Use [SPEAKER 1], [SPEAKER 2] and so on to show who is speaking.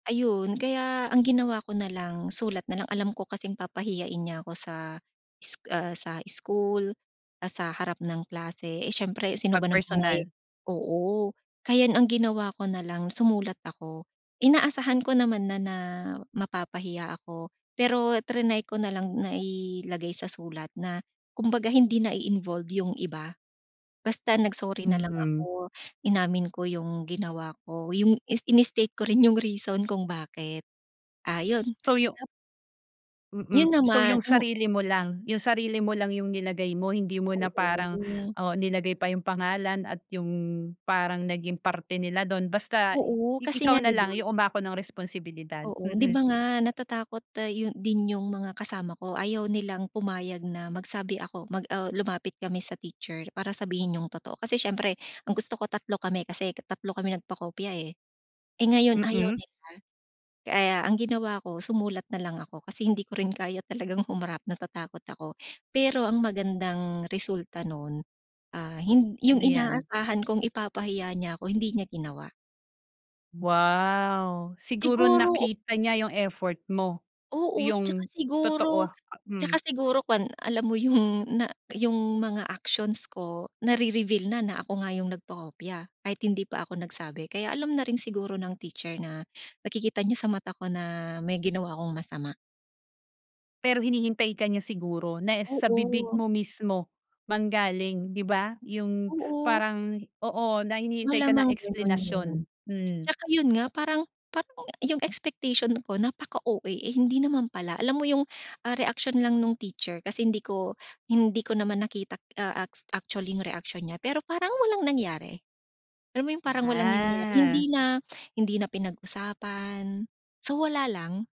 [SPEAKER 1] Ayun, kaya ang ginawa ko nalang sulat nalang. Alam ko kasing papahiyain niya ako sa sc ah, sa school, ah, sa harap ng klase, eh, siyempre sino
[SPEAKER 2] Pag
[SPEAKER 1] ba naman may
[SPEAKER 2] personal.
[SPEAKER 1] oo. Kaya ang ginawa ko nalang sumulat ako. Inaasahan ko naman na na mapapahiya ako. Pero triny ko na lang na ilagay sa sulat na kumbaga hindi na-involve yung iba. Basta nag-sorry nalang
[SPEAKER 2] Mm.
[SPEAKER 1] ako, inamin ko yung ginawa ko, yung is ini-state ko rin yung reason kung bakit. Ah,
[SPEAKER 2] S
[SPEAKER 1] yon
[SPEAKER 2] so yu
[SPEAKER 1] tap Yun
[SPEAKER 2] mm, so yung
[SPEAKER 1] naman ang
[SPEAKER 2] sarili mo lang, yung sarili mo lang yung nilagay mo hindi mo na parang
[SPEAKER 1] Oo.
[SPEAKER 2] oo nilagay pa yung pangalan at yung parang naging parte nila dun basta i
[SPEAKER 1] Oo kasi nga
[SPEAKER 2] ikaw
[SPEAKER 1] di ba
[SPEAKER 2] nalang yung umako ng responsibilidad.
[SPEAKER 1] Oo di
[SPEAKER 2] Mm.
[SPEAKER 1] ba nga natatakot ah, yun din yung mga kasama ko, ayaw nilang pumayag na magsabi ako, mag ah, lumapit kami sa teacher para sabihin yung totoo. Kasi siyempre kung gusto ko tatlo kami kasi ka tatlo kami nag-pakopya, eh. Eh, ngayon ayaw
[SPEAKER 2] Mm.
[SPEAKER 1] nila, kaya ang ginawa ko sumulat nalang ako kasi hindi ko rin kaya talagang humarap natatakot ako. Pero ang magandang resulta nun, ah, hin yung
[SPEAKER 2] Ano yan?
[SPEAKER 1] inaasahan kong ipapahiya niya ako hindi niya ginawa.
[SPEAKER 2] Wow. Siguro
[SPEAKER 1] Siguro
[SPEAKER 2] nakita niya yung effort mo.
[SPEAKER 1] Oo s at saka
[SPEAKER 2] Yung totoo
[SPEAKER 1] siguro
[SPEAKER 2] a
[SPEAKER 1] at saka
[SPEAKER 2] hmm.
[SPEAKER 1] siguro kuwan alam mo yung na yung mga actions ko nari-reveal na na ako nga yung nagpakopya kahit hindi pa ako nagsabi kaya alam na rin siguro ng teacher na nakikita niya sa mata ko na may ginawa akong masama.
[SPEAKER 2] Pero hinihintay ka niya siguro na es sa bibig
[SPEAKER 1] Oo.
[SPEAKER 2] mo mismo manggaling di ba? Yung
[SPEAKER 1] Oo.
[SPEAKER 2] parang oo na hinihintay ka na
[SPEAKER 1] Malamang ganun yun.
[SPEAKER 2] eksplanasyon. Mm.
[SPEAKER 1] At saka yun nga parang parang yung expectation ko napaka-OA, eh, hindi naman pala. Alam mo yung, ah, reaksyon lang nung teacher kasi hindi ko hindi ko naman nakita k ah, aks actually yung reaksyon niya pero parang walang nangyari. Alam mo yung parang walang nangyari? Hindi
[SPEAKER 2] Ah.
[SPEAKER 1] na hindi na pinag-usapan, so wala lang.